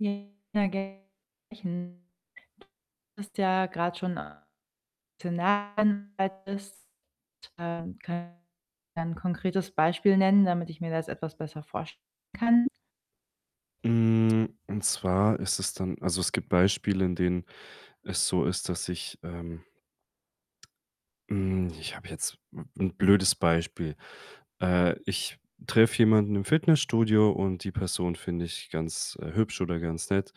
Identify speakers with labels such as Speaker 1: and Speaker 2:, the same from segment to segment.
Speaker 1: Ja, [unintelligible] hast ja grad schon [unintelligible] bist [unintelligible] ein konkretes Beispiel nennen, damit ich mir das etwas besser vorstellen kann?
Speaker 2: Hm, und zwar ist es dann also, es gibt Beispiele, in denen es so ist, dass ich, ähm hm, ich habe jetzt 'n 'n blödes Beispiel. Äh, ich treffe jemanden im Fitnessstudio und die Person finde ich ganz, äh, hübsch oder ganz nett.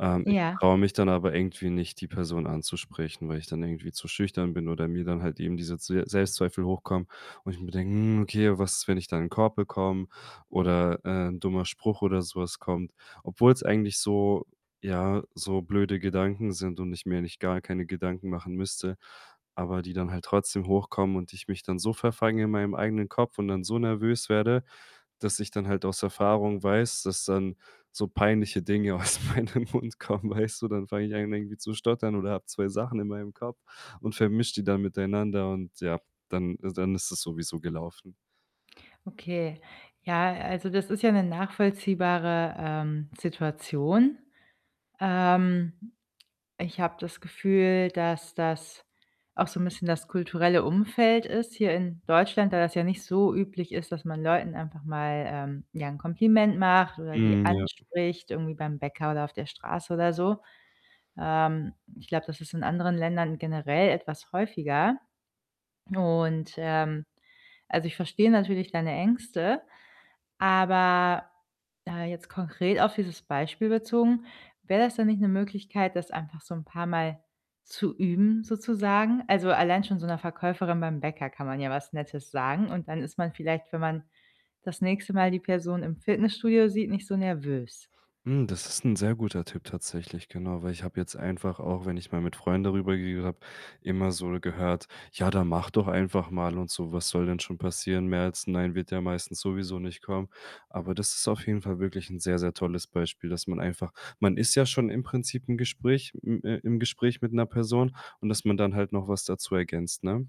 Speaker 2: Ähm, ich
Speaker 1: Ja.
Speaker 2: traue mich dann aber irgendwie nicht, die Person anzusprechen, weil ich dann irgendwie zu schüchtern bin oder mir dann halt eben diese Zwe Selbstzweifel hochkommen und ich mir denke: „Hm, okay, was ist, wenn ich da 'n Korb bekomme oder, äh, 'n dummer Spruch oder so was kommt?“ Obwohl's eigentlich so ja, so blöde Gedanken sind und ich mir eigentlich gar keine Gedanken machen müsste, aber die dann halt trotzdem hochkommen und ich mich dann so verfange in meinem eigenen Kopf und dann so nervös werde, dass ich dann halt aus Erfahrung weiß, dass dann so peinliche Dinge aus meinem Mund kommen, weißt du? Dann fange ich an irgendwie zu stottern oder habe 2 Sachen in meinem Kopf und vermische die dann miteinander und, ja, dann is dann ist es sowieso gelaufen.
Speaker 1: Okay. Ja, also, das ist ja 'ne nachvollziehbare, ähm, Situation. Ähm, ich habe das Gefühl, dass das auch so 'n bisschen das kulturelle Umfeld ist hier in Deutschland, da das ja nicht so üblich ist, dass man Leuten einfach mal, ähm, ja 'n Kompliment macht oder die
Speaker 2: Mhm, ja.
Speaker 1: anspricht irgendwie beim Bäcker oder auf der Straße oder so. Ähm, ich glaube, das ist in anderen Ländern generell etwas häufiger. Und, ähm, also, ich verstehe natürlich deine Ängste, aber, äh, jetzt konkret auf dieses Beispiel bezogen: wäre das denn nicht 'ne Möglichkeit, das einfach so 'n paar Mal zu üben sozusagen? Also, allein schon so 'ner Verkäuferin beim Bäcker kann man ja was Nettes sagen und dann ist man vielleicht, wenn man das nächste Mal die Person im Fitnessstudio sieht, nicht so nervös.
Speaker 2: Mhm, das ist 'n sehr guter Tipp tatsächlich, genau. Weil ich habe jetzt einfach auch, wenn ich mal mit Freunden darüber geredet habe, immer so gehört: „Ja, dann mach doch einfach mal” und so. „Was soll denn schon passieren? Mehr als 'n Nein wird ja meistens sowieso nicht kommen.“ Aber das ist auf jeden Fall wirklich 'n sehr sehr tolles Beispiel, dass man einfach man ist ja schon im Prinzip im Gespräch im, äh im Gespräch mit 'ner Person und dass man dann halt noch was dazu ergänzt, ne?